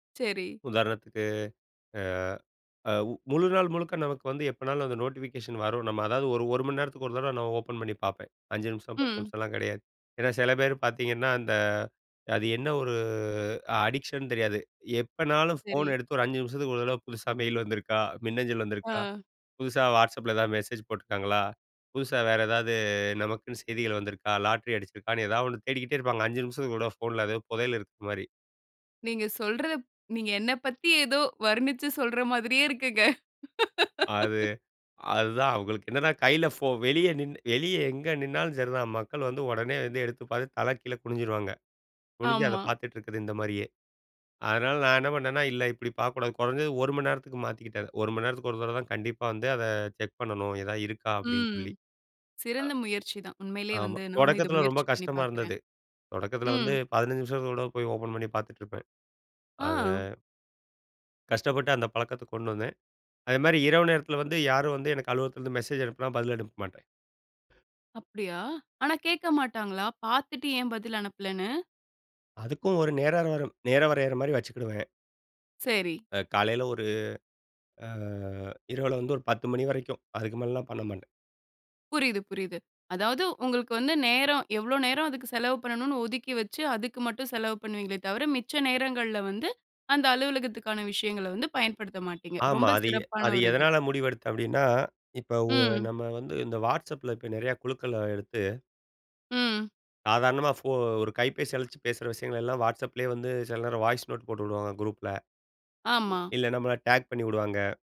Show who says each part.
Speaker 1: செரி.
Speaker 2: உதார்ணத்துக்கு. அ, அ உ முழுநாள் முழுக்க நமக்கு வந்து எப்பனாலும் அந்த நோட்டிஃபிகேஷன் வரும். நம்ம அதாவது ஒரு 1 மணி நேரத்துக்கு ஒரு தடவ நான் ஓப்பன் பண்ணி பாப்பேன். 5 நிமிஷம் 10
Speaker 1: ம்.
Speaker 2: நிமிஷம்லாம் கிடையாது. ஏன்னா சில பேர் பாத்தீங்கன்னா அந்த அது என்ன ஒரு அடிக்ஷன் தெரியாது. எப்பனாலும்
Speaker 1: செரி.
Speaker 2: ஃபோன எடுத்து ஒரு 5 நிமிஷத்துக்கு ஒரு தடவ, புதுசா மெயில் வந்துருக்கா? மின்னஞ்சல் வந்திருக்கா?
Speaker 1: ஆ.
Speaker 2: புதுசா WhatsAppல ஏதாவது மெசேஜ் போட்டிருக்காங்களா? புதுசா வேற ஏதாவது நமக்குன்னு செய்திகள் வந்திருக்கா, லாட்ரி அடிச்சிருக்கான்னு ஏதாவது ஒண்ணு தேடிக்கிட்டே இருப்பாங்க. 5 நிமிஷத்துக்கு ஒருதடவ ஃபோன்ல ஏதோ பொதயல் இருக்க மாரி.
Speaker 1: நீங்க சொல்றதப் நீங்க என்ன பத்தி ஏதோ வர்ணிச்சு சொல்ற மாதிரியே இருக்குங்க.
Speaker 2: அது அதுதான். அவங்களுக்கு என்னன்னா கைல ஃபோன் வெளிய நின்னு வெளியே எங்க நின்னாலும் சரி தான், மக்கள் வந்து உடனே வந்து எடுத்து பாத்து தல கீழே குனிஞ்சிருவாங்க. குனிஞ்சி அத
Speaker 1: ஆமா.
Speaker 2: பாத்துட்டு இருக்கது இந்த மாரியே. அதனால நான் என்ன பண்ணேனா, இல்ல இப்படி பாக்கக்கூடாது. குறைஞ்சது 1 மணி நேரத்துக்கு மாத்திக்கிட்டது 1 மணி நேரத்துக்கு ஒரு தடவதான் கண்டிப்பா வந்து, அத செக் பண்ணணும் எதாவது இருக்கா அப்டின்னு
Speaker 1: ம்.
Speaker 2: சொல்லி.
Speaker 1: சிறந்த முயற்சிதான்.
Speaker 2: அ.
Speaker 1: உண்மைலயே
Speaker 2: ஆமா.
Speaker 1: வந்து நானும் இத
Speaker 2: தொடக்கத்தில ரொம்ப
Speaker 1: முயற்சி பண்ணி
Speaker 2: கஷ்டமா
Speaker 1: பாக்குறேன்.
Speaker 2: இருந்தது. தொடக்கத்தில
Speaker 1: ம்.
Speaker 2: வந்து 15 நிமிஷத்துக்கு ஒருதட போய் ஓப்பன் பண்ணி பாத்துட்டு இருப்பேன். அத.
Speaker 1: ஆ.
Speaker 2: கஷ்டப்பட்டு அந்த பழக்கத்த கொண்டு வந்தேன். அத மாரி இரவு நேரத்தில வந்து யாரும் வந்து எனக்கு அலுவலத்தில இருந்து மெசேஜ் அனுப்புனா, பதில் அனுப்ப மாட்டேன்.
Speaker 1: அப்டியா! ஆனா கேக்க மாட்டாங்களா, பாத்துட்டு ஏன் பதில் அனுப்பலன்னு?
Speaker 2: அதுக்கும் ஒரு நேர்களாம் நேர வரையற மாரி வச்சுக்குடுவேன்.
Speaker 1: செரி.
Speaker 2: காலைல ஒரு அ. இரவுல வந்து ஒரு 10 மணி வரைக்கும், அதுக்கு மேலலாம் பண்ண மாட்டேன்.
Speaker 1: புரியுது, புரியுது. அதாவது உங்களுக்கு வந்து நேரம் எவ்ளோ நேரம், அதுக்கு செலவு பண்ணனும்ன்னு ஒதுக்கி வைச்சு அதுக்கு மட்டும் செலவு பண்ணுவீங்களே தவிர மிச்ச நேரங்கள்ல வந்து அந்த அலுவலகத்துக்கான விஷயங்கள வந்து பயன்படுத்த மாட்டீங்க.
Speaker 2: ஆமா.
Speaker 1: ரொம்ப
Speaker 2: அது எ
Speaker 1: சிறப்பான
Speaker 2: அது
Speaker 1: ஒரு இது.
Speaker 2: எதனால முடிவெடுத்தென் அப்டின்னா, இப்போ உ
Speaker 1: ம்.
Speaker 2: நம்ம வந்து இந்த WhatsAppல நிறய குழுக்கள எடுத்து
Speaker 1: ம்.
Speaker 2: சாதாரணமா ஃபோ ஒரு கைபேசி அழச்சு பேசுற விஷயங்கள் எல்லாம் WhatsAppலயே வந்து சில நேரம் வாய்ஸ் நோட் போட்டு உடுவாங்க குரூப்ல.
Speaker 1: ஆமா.
Speaker 2: இல்ல நம்மள டாக் பண்ணி உடுவாங்க.